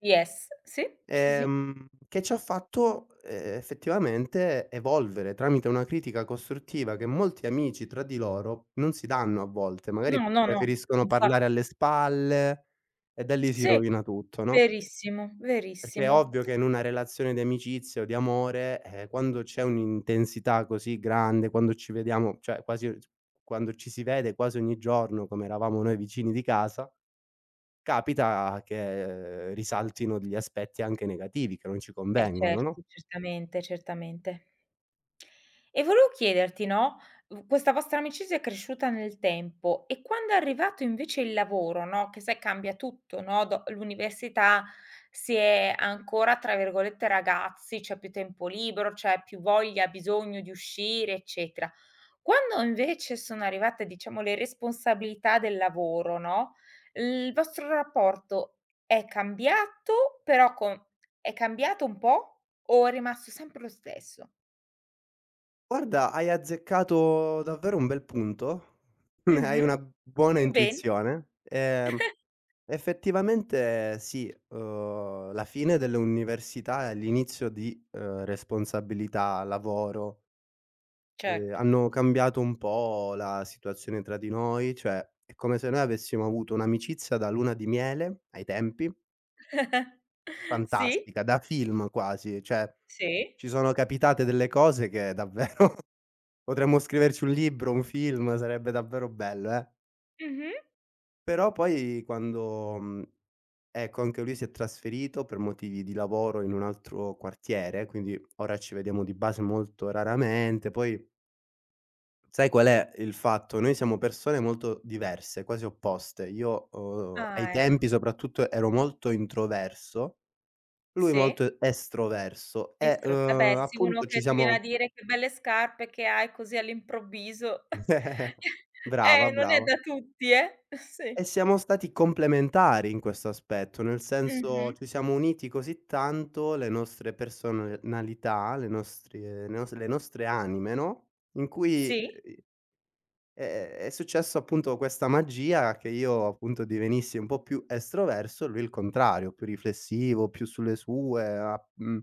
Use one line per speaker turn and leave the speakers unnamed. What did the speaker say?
Yes si, sì, sì.
Ehm, che ci ha fatto, ehm, effettivamente evolvere, tramite una critica costruttiva che molti amici tra di loro non si danno a volte. Magari,
No, no, no,
preferiscono
infa
parlare alle spalle e da lì si
Sì,
rovina tutto, no?
verissimo
Perché è
verissimo.
ovvio che in una relazione di amicizia o di amore, ehm, quando c'è un'intensità così grande, quando ci vediamo, cioè quasi s quando ci si vede quasi ogni giorno, come eravamo noi vicini di casa, capita che risaltino degli aspetti anche negativi che non ci
Eh,
convengono, no?
certo, certamente, certamente. E volevo chiederti, no, v questa vostra amicizia è cresciuta nel tempo, e quando è arrivato invece il lavoro, no, che sai cambia tutto, no, do l'università si è ancora tra virgolette "ragazzi", c'è più tempo libero, c'è più voglia, bisogno di uscire, eccetera. Quando invece sono arrivate diciamo le responsabilità del lavoro, no, il vostro rapporto è cambiato, però con è cambiato un po' o è rimasto sempre lo stesso?
Guarda, hai azzeccato davvero un bel punto, hai
Mh-mh.
una b buona
Ben
intuizione. Ehm, effettivamente sì, uhm, la fine dell'università e l'inizio di, uhm, responsabilità, lavoro ehm,
Certo.
hanno cambiato un po' la situazione tra di noi, cioè, è come se noi avessimo avuto un'amicizia da luna di miele ai tempi
Sì.
fantastica, da film quasi, cioè
Sì.
ci sono capitate delle cose che davvero potremmo scriverci un libro, un film, sarebbe davvero bello eh.
Mh mh.
Però poi quando, mhmm, ecco anche lui si è trasferito, per motivi di lavoro in un altro quartiere, quindi ora ci vediamo di base molto raramente, poi sai qual è il fatto? Noi siamo persone molto diverse, quasi opposte. Io, uhm, ai
Ah ecco.
tempi soprattutto ero molto introverso, lui
Sì.
molto estroverso e,
Estro vabbè,
uhm,
sì uno
appunto ci
che ti viene a
siamo
dire che belle scarpe che hai così all'improvviso,
Brava
eh, non è
brava.
da tutti, eh. Sì.
E siamo stati complementari in questo aspetto, nel senso,
Mh-mh.
ci siamo uniti così tanto le nostre personalità, le nostri le nostre le nostre anime, no, in cui,
Sì.
uhm, i è è è successo appunto questa magia che io appunto divenissi un po' più estroverso, lui il contrario, più riflessivo, più sulle sue, a mhmm